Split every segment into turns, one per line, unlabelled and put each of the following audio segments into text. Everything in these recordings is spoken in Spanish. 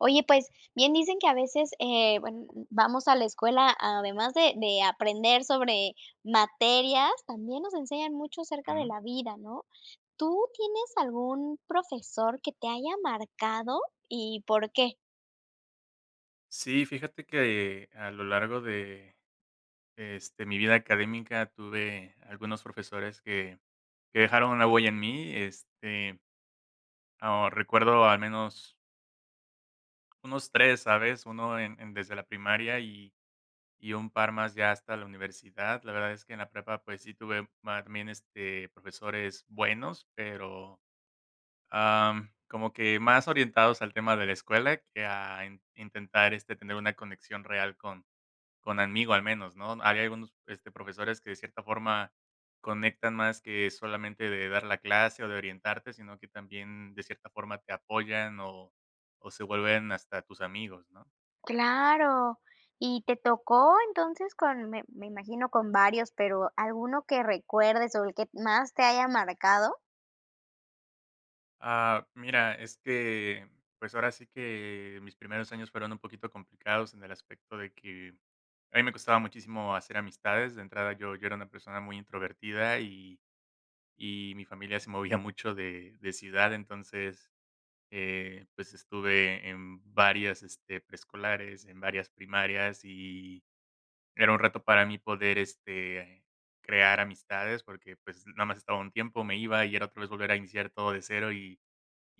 Oye, pues, bien dicen que a veces, eh, buen vamos a la escuela, además de de aprender sobre materias, también nos enseñan mucho acerca de
Mm.
la vida, ¿no? ¿Tú tienes algún profesor que te haya marcado y por qué?
Sí, fíjate que a lo largo de este, mi vida académica, tuve algunos profesores que que dejaron una huella en mí, este ah, recuerdo al menos unos 3, ¿sabes?, 1 en en desde la primaria y y un par más ya hasta la universidad. La verdad es que en la prepa, pues, sí tuve mac bien, este, profesores buenos, pero, am, como que más orientados al tema de la escuela que a in intentar, este, tener una conexión real con con amigo, al menos, ¿no? Había algunos, este, profesores que, de cierta forma, conectan más que solamente de dar la clase o de orientarte, sino que también, de cierta forma, te apoyan o o se vuelven hasta tus amigos, ¿no?
Claro. Y, ¿te tocó, entonces, con me me imagino, con varios, pero alguno que recuerdes o el que más te haya marcado?
Ah, mira, es que, pues, ahora sí que mis primeros años fueron un poquito complicados en el aspecto de que a mí me costaba muchísimo hacer amistades. De entrada, yo yo era una persona muy introvertida y y mi familia se movía mucho de de ciudad, entonces, eh, pues, estuve en varias, este, preescolares, en varias primarias y era un reto para mí poder, este, crear amistades, porque, pues, nada más estaba un tiempo, me iba, y era otra vez volver a iniciar todo de 0, y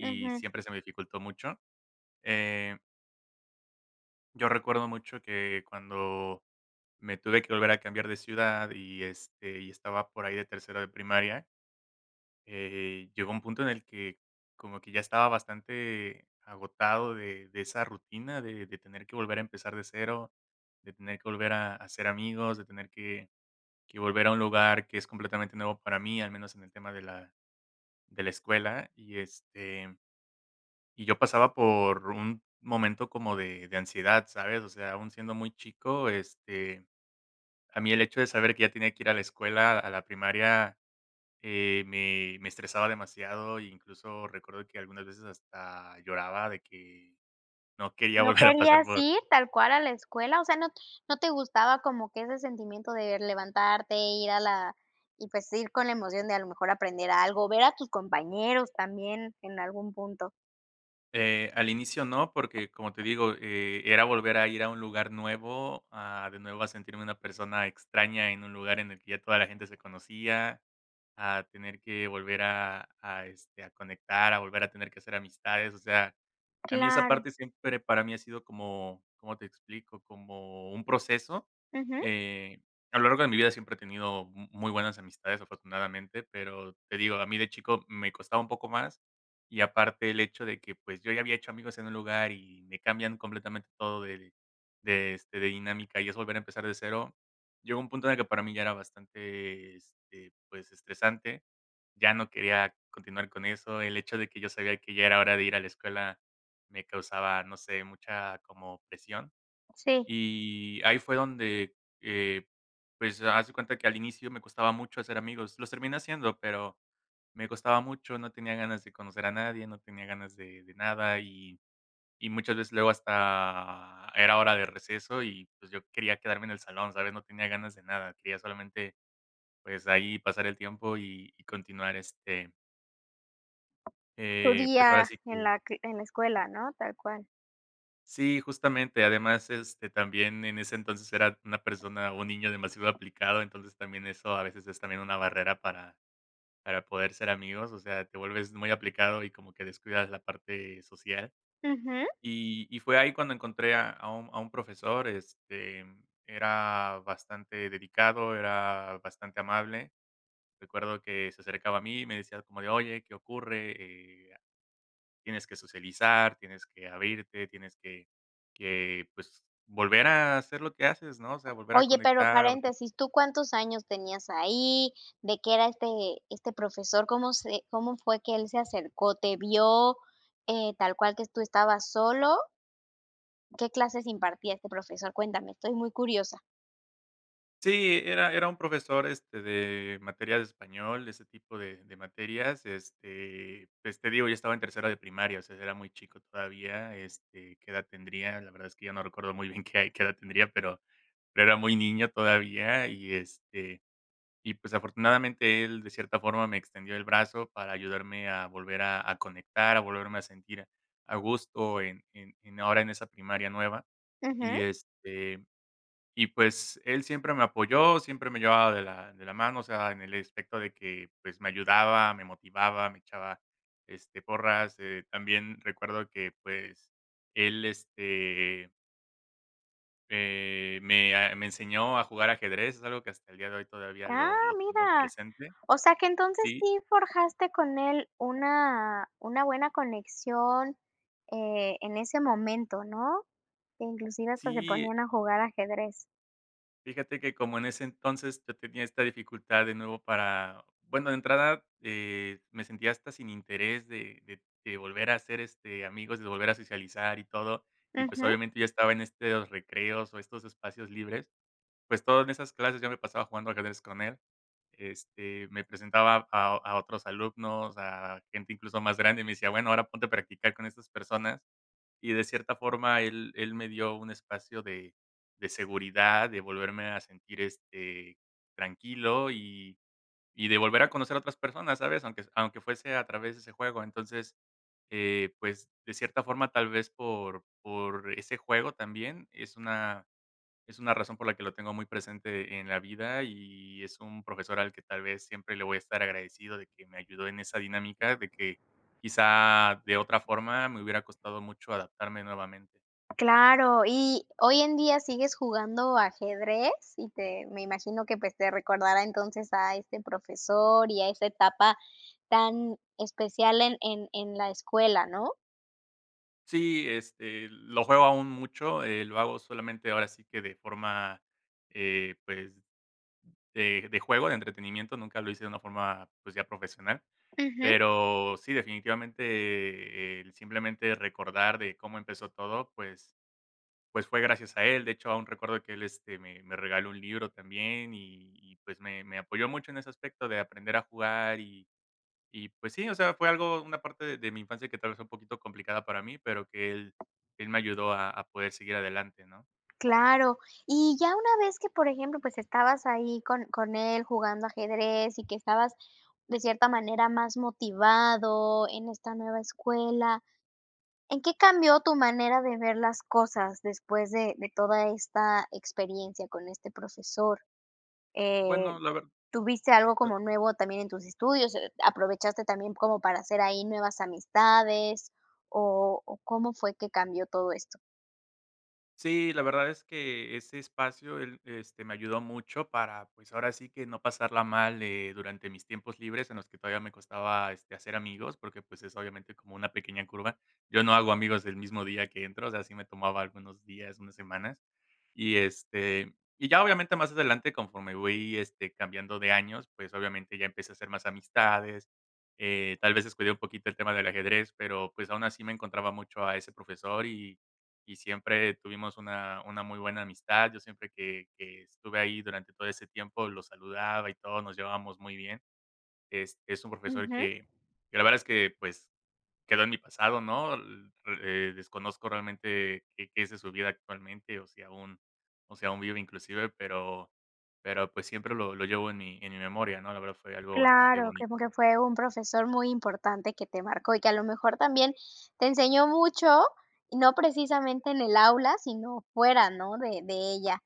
y
Ujú.
siempre se me dificultó mucho. Eh Yo recuerdo mucho que cuando me tuve que volver a cambiar de ciudad y, este, y estaba por ahí de tercero de primaria eh, llegó un punto en el que como que ya estaba bastante agotado de de esa rutina de de tener que volver a empezar de 0, de tener que volver a hacer amigos, de tener que que volver a un lugar que es completamente nuevo para mí, al menos en el tema de la de la escuela, y este y yo pasaba por un momento como de de ansiedad, ¿sabes? O sea, aún siendo muy chico, este, a mí el hecho de saber que ya tenía que ir a la escuela, a la primaria, eh, me me estresaba demasiado, incluso recuerdo que algunas veces hasta lloraba, de que no quería
¿No
volver a pasar
querías
por
ir tal cual a la escuela? O sea, no, ¿no te gustaba como que ese sentimiento de levantarte, ir a la y, pues, ir con la emoción de a lo mejor aprender algo, ver a tus compañeros también en algún punto?
Eh, al inicio no, porque, como te digo, eh, era volver a ir a un lugar nuevo, a de nuevo a sentirme una persona extraña en un lugar en el que ya toda la gente se conocía, a tener que volver a a, este, a conectar, a volver a tener que hacer amistades, o sea, a mí esa
Claro.
parte siempre para mí ha sido como ¿cómo te explico? Como un proceso,
Ujú.
eh, a lo largo de mi vida siempre he tenido mu muy buenas amistades, afortunadamente, pero te digo, a mí de chico me costaba un poco más y aparte el hecho de que, pues, yo ya había hecho amigos en un lugar y me cambian completamente todo del de, este, de dinámica y es volver a empezar de cero. Llegó un punto en el que para mí ya era bastante, este, pues, estresante. Ya no quería continuar con eso. El hecho de que yo sabía que ya era hora de ir a la escuela me causaba, no sé, mucha, como presión
Sí.
y ahí fue donde, eh, pues, haz de cuenta que al inicio me costaba mucho hacer amigos. Los terminé haciendo, pero me costaba mucho, no tenía ganas de conocer a nadie, no tenía ganas de de nada y y muchas veces luego hasta era hora de receso y, pues yo quería quedarme en el salón, ¿sabes? No tenía ganas de nada, quería solamente, pues, ahí pasar el tiempo y y continuar este
Tu
eh, pues, ahora
día
sí
en
que
la q en la escuela, ¿no? Tal cual.
Sí, justamente, además, este, también en ese entonces era una persona un niño demasiado aplicado, entonces, también eso a veces es también una barrera para para poder ser amigos, o sea, te vuelves muy aplicado y como que descuidas la parte social.
Ujú.
Y y fue ahí cuando encontré a a un a un profesor, este, era bastante dedicado, era bastante amable. Recuerdo que se acercaba a mí, me decía como de: "Oye, ¿qué ocurre? Eh, tienes que socializar, tienes que abrirte, tienes que que, pues, volver a hacer lo que haces, ¿no? O sea, volver a
Oye, pero
conectar o hacer"
paréntesis, ¿tú cuántos años tenías ahí? ¿De qué era este este profesor? ¿Cómo se cómo fue que él se acercó? ¿Te vio, eh, tal cual que tú estabas solo? ¿Qué clases impartía este profesor? Cuéntame, estoy muy curiosa.
Sí, era era un profesor, este, de materias de español, ese tipo de de materias. Este, pues, te digo, ya estaba en tercero de primaria, o sea, era muy chico todavía, este, ¿qué edad tendría?, la verdad es que yo no recuerdo muy bien qué hay qué edad tendría, pero pero era muy niño todavía, y, este, y, pues, afortunadamente él de cierta forma me extendió el brazo para ayudarme a volver a a conectar, a volverme a sentir a gusto en en en ahora en esa primaria nueva.
Ujú.
Y, este, y, pues, él siempre me apoyó, siempre me llevaba de la de la mano, o sea, en el especto de que, pues, me ayudaba, me motivaba, me echaba, este, porras. Eh, también recuerdo que, pues, él, este eh, me a me enseñó a jugar ajedrez, es algo que hasta el día de hoy todavía
Ah,
lo lo tengo
mira.
presente.
O sea, que entonces
¿Sí?
sí forjaste con él una una buena conexión, eh, en ese momento, ¿no? Inclusive pues se
Sí,
ponían
eh
a jugar ajedrez.
Fíjate que como en ese entonces yo tenía esta dificultad de nuevo para bueno, de entrada, eh, me sentía hasta sin interés de de de volver a hacer, este, amigos, de volver a socializar y todo y, pues,
Ujú.
obviamente yo estaba en este de los recreos, o estos espacios libres, pues, todo en esas clases yo me pasaba jugando ajedrez con él. Este, me presentaba a a otros alumnos, o sea, a gente, incluso, más grande, y me decía: "Bueno ahora ponte a practicar con estas personas". Y de cierta forma él él me dio un espacio de de seguridad, de volverme a sentir, este, tranquilo, y y de volver a conocer a otras personas, ¿sabes? Aunque aunque fuese a través de ese juego, entonces, eh, pues, de cierta forma tal vez por por ese juego también es una es una razón por la que lo tengo muy presente en la vida. Y es un profesor al que tal vez siempre le voy a estar agradecido de que me ayudó en esa dinámica de que, quizá, de otra forma me hubiera costado mucho adaptarme nuevamente.
Claro, y hoy en día sigues jugando ajedrez y te me imagino que, pues, te recordará, entonces, a este profesor y a esa etapa tan especial en en en la escuela, ¿no?
Sí, este, lo juego aún mucho, eh, lo hago solamente ahora sí que de forma, eh, pues, de de juego, de entretenimiento, nunca lo hice de una forma, pues, ya profesional,
Ujú.
pero sí, definitivamente, eh, el simplemente recordar de cómo empezó todo, pues pues, fue gracias a él. De hecho, aún recuerdo que él, este, me me regaló un libro también y y, pues, me me apoyó mucho en ese aspecto de aprender a jugar y y, pues, sí o sea fue algo, una parte de mi infancia que tal vez fue un poquito complicada para mí pero que él él me ayudó a a poder seguir adelante, ¿no?
Claro. Y ya una vez que, por ejemplo, pues, estabas ahí con con él, jugando ajedrez y que estabas de cierta manera más motivado en esta nueva escuela, ¿en qué cambió tu manera de ver las cosas después de de toda esta experiencia con este profesor? Eh,
Bueno, la verd
¿tuviste algo
la
como nuevo también en tus estudios? E ¿Aprovechaste también como para hacer ahí nuevas amistades? ¿O o cómo fue que cambió todo esto?
Sí, la verdad es que ese espacio él, este, me ayudó mucho para, pues, ahora sí que no pasarla mal, eh, durante mis tiempos libres en los que todavía me costaba, este, hacer amigos, porque, pues, es obviamente como una pequeña curva. Yo no hago amigos el mismo día que entro, o sea, sí me tomaba algunos días, unas semanas, y, este, y ya obviamente más adelante conforme voy, este, cambiando de años, pues, obviamente ya empecé a hacer más amistades, eh, tal vez descuide un poquito el tema del ajedrez, pero, pues, aún así me encontraba mucho a ese profesor y y siempre tuvimos una una muy buena amistad, yo siempre que que estuve ahí durante todo ese tiempo, lo saludaba y todo, nos llevábamos muy bien, este, es un profesor
Ujú.
que que la verdad es que, pues, quedó en mi pasado, ¿no? L eh, desconozco realmente qué qué es de su vida actualmente, o si aún o si aún vive inclusive, pero pero, pues, siempre lo lo llevo en mi en mi memoria, ¿no? La verdad fue algo bastante
Claro, como que
bonito.
fue un profesor muy importante que te marcó, y que a lo mejor también te enseñó mucho, no precisamente en el aula, sino fuera, ¿no?, de de ella.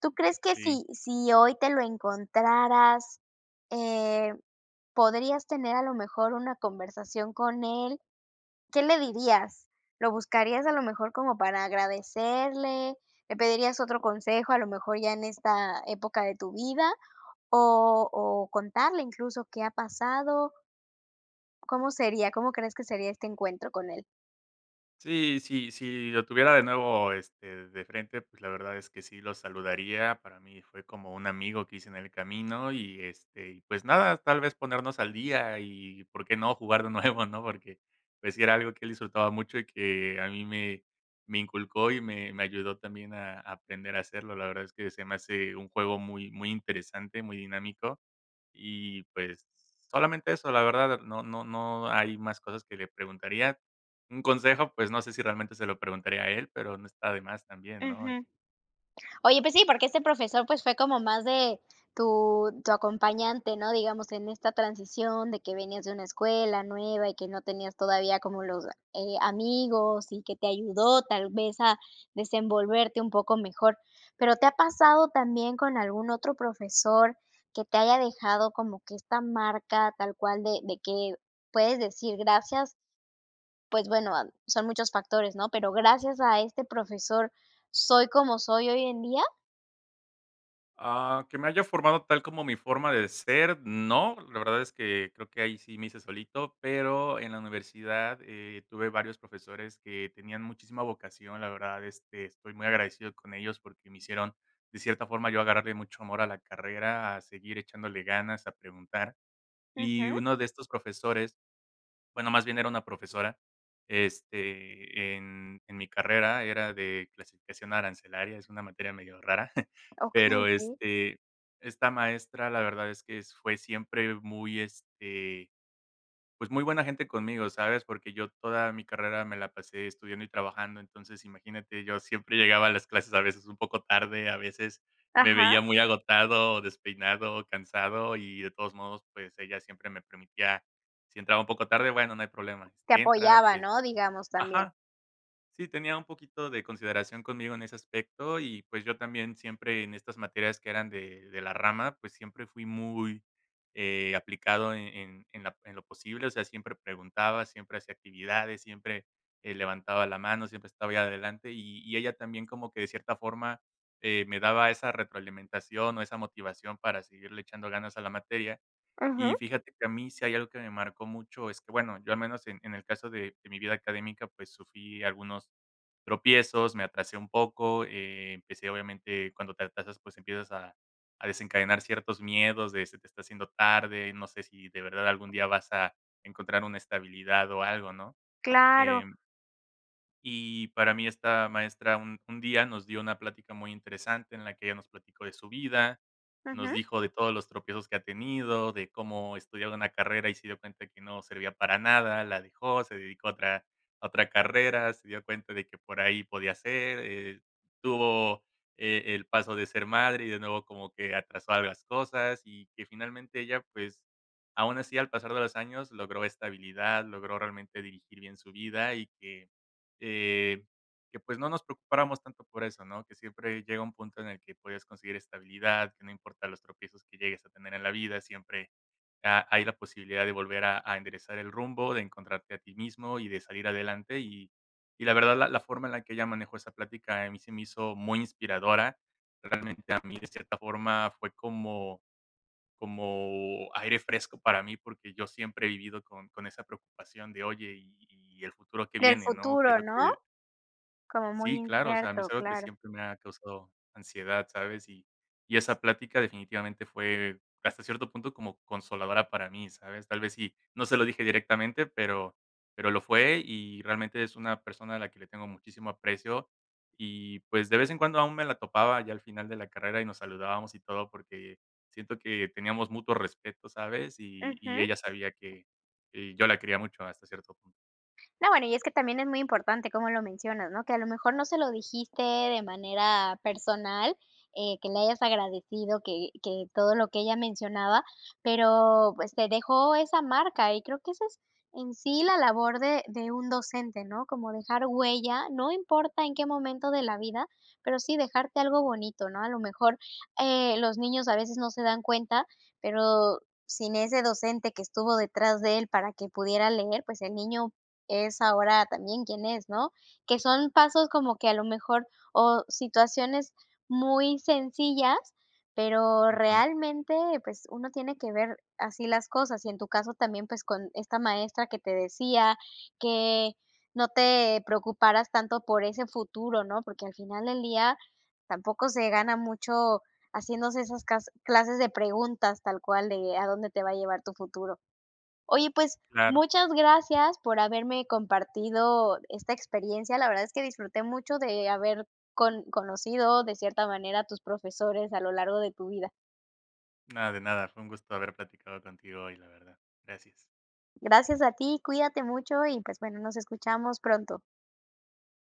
¿Tú crees que
Sí.
si si hoy te lo encontraras, eh, podrías tener a lo mejor una conversación con él? ¿Qué le dirías? ¿Lo buscarías a lo mejor como para agradecerle? ¿Le pedirías otro consejo, a lo mejor, ya en esta época de tu vida? ¿O o contarle incluso qué ha pasado? ¿Cómo sería? ¿Cómo crees que sería este encuentro con él?
Sí, sí, si lo tuviera de nuevo, este, de frente, pues, la verdad es que sí lo saludaría. Para mi fue como un amigo que hice en el camino y este, y, pues, nada, tal vez ponernos al día y ¿por qué no? jugar de nuevo, ¿no? Porque, pues sí, era algo que él disfrutaba mucho y que a mí me me inculcó y me me ayudó también a aprender a hacerlo. La verdad es que se me hace un juego muy muy interesante, muy dinámico y, pues, solamente eso la verdad, eh, no no no hay más cosas que le preguntaría. Un consejo pues, no sé si realmente se lo preguntaría a él pero no está de más también ¿no? Eh.
Ujú. Oye, pues sí, porque ese profesor, pues, fue como más de tu tu acompañante, ¿no? Digamos, en esta transición de que venías de una escuela, nueva, y que no tenías todavía como los, eh, amigos y que te ayudó, tal vez a desenvolverte un poco mejor. Pero, ¿te ha pasado también con algún otro profesor que te haya dejado como que esta marca tal cual de de que puedes decir: "Gracias"? Pues bueno, ad son muchos factores, ¿no? Pero gracias a este profesor, soy como soy hoy en día.
Ah, que me haya formado tal como mi forma de ser, no, la verdad es que creo que ahí sí me hice solito, pero en la universidad, eh, tuve varios profesores que tenían muchísima vocación, la verdad, este, estoy muy agradecido con ellos porque me hicieron, de cierta forma, yo agarrarle mucho amor a la carrera, a seguir echándole ganas, a preguntar, y
Ujú.
uno de estos profesores, bueno, más bien era una profesora, este, en en mi carrera, era de clasificación arancelaria, es una materia medio rara.
Okey,
Pero,
sí.
este, esta maestra la verdad es que s fue siempre muy, este, pues muy buena gente conmigo, ¿sabes?, porque yo toda mi carrera me la pasé estudiando y trabajando, entonces, imagínate, yo siempre llegaba a las clases a veces un poco tarde, a veces me
Ajá.
veía muy agotado o despeinado o cansado y de todos modos, pues, ella siempre me permitía, si entraba un poco tarde: "Bueno, no hay problema,
Te
este, entra",
apoyaba,
este
¿no?, digamos, también.
Ajá, sí tenía un poquito de consideración conmigo en ese aspecto y, pues, yo también siempre en estas materias que eran de de la rama, pues, siempre fui muy, eh, aplicado en en en la en lo posible, o sea, siempre preguntaba, siempre hacía actividades, siempre, eh, levantaba la mano, siempre estaba ahí adelante y y ella también como que de cierta forma, eh, me daba esa retroalimentación o esa motivación para seguirle echando ganas a la materia,
Ujú.
y fíjate que a mí si hay algo que me marcó mucho es que, bueno, yo al menos en en el caso de de mi vida académica, pues, sufrí algunos tropiezos, me atrasé un poco, eh, empecé obviamente cuando te atrasas, pues, empiezas a a desencadenar ciertos miedos de: "Se te está haciendo tarde, no sé si de verdad algún día vas a encontrar una estabilidad o algo", ¿no?,
Claro.
em y para mí, esta maestra un un día nos dio una plática muy interesante en la que ella nos platicó de su vida, nos
Ujú.
dijo de todos los tropiezos que ha tenido, de cómo estudiaba una carrera y se dio cuenta que no servía para nada, la dejó, se dedicó a otra a otra carrera, se dio cuenta de que por ahí podía ser, eh, tuvo e el paso de ser madre y de nuevo como que atrasó a las cosas, y que finalmente ella, pues, aún así al pasar de los años logró estabilidad, logró realmente dirigir bien su vida y que, eh, que, pues, no nos preocupáramos tanto por eso, ¿no?, que siempre llega un punto en el que puedes conseguir estabilidad, que no importa los tropiezos que llegues a tener en la vida, siempre ha hay la posibilidad de volver a a enderezar el rumbo, de encontrarte a ti mismo y de salir adelante, y y la verdad, la la forma en la que ella manejó esa plática, a mí se me hizo muy inspiradora, realmente a mí, de cierta forma, fue como-como aire fresco para mí porque yo siempre he vivido con con esa preocupación de: "Oye, ¿y y el futuro que
Del
viene?" ¿no?, que es
futuro,
lo
¿no?
que
Como muy
sí, claro, o sea, a mí
incierto,
es algo que
claro.
siempre me ha causado ansiedad, ¿sabes?, y y esa plática definitivamente fue, hasta cierto punto, como consoladora para mí, ¿sabes?, tal vez sí, no se lo dije directamente pero pero lo fue, y realmente es una persona a la que le tengo muchísimo aprecio y, pues, de vez en cuando aún me la topaba ya al final de la carrera, y nos saludábamos y todo, porque siento que teníamos mutuo respeto, ¿sabes?, y
Ujú.
y ella sabía que que yo la quería mucho hasta cierto punto.
No, bueno, y es que también es muy importante, como lo mencionas, ¿no?, que a lo mejor no se lo dijiste de manera personal, eh, que le hayas agradecido que que todo lo que ella mencionaba, pero, pues, te dejó esa marca, y creo que esa es en sí la labor de de un docente, ¿no?, como, dejar huella, no importa en qué momento de la vida, pero sí dejarte algo bonito, ¿no?, a lo mejor, eh, los niños a veces no se dan cuenta, pero sin ese docente que estuvo detrás de él para que pudiera leer, pues el niño es ahora también quien es, ¿no?, que son pasos como que a lo mejor o situaciones muy sencillas, pero
Ujú.
realmente, pues, uno tiene que ver así las cosas, y en tu caso también, pues, con esta maestra que te decía que no te preocuparas tanto por ese futuro, ¿no?, porque al final del día tampoco se gana mucho haciéndose esas cas clases de preguntas, tal cual de a dónde te va a llevar tu futuro. Oye, pues,
Claro.
muchas gracias por haberme compartido esta experiencia, la verdad es que disfruté mucho de haber con conocido de cierta manera a tus profesores a lo largo de tu vida.
No, de nada, fue un gusto haber platicado contigo hoy, la verdad, gracias.
Gracias a ti, cuídate mucho y, pues, bueno, nos escuchamos pronto.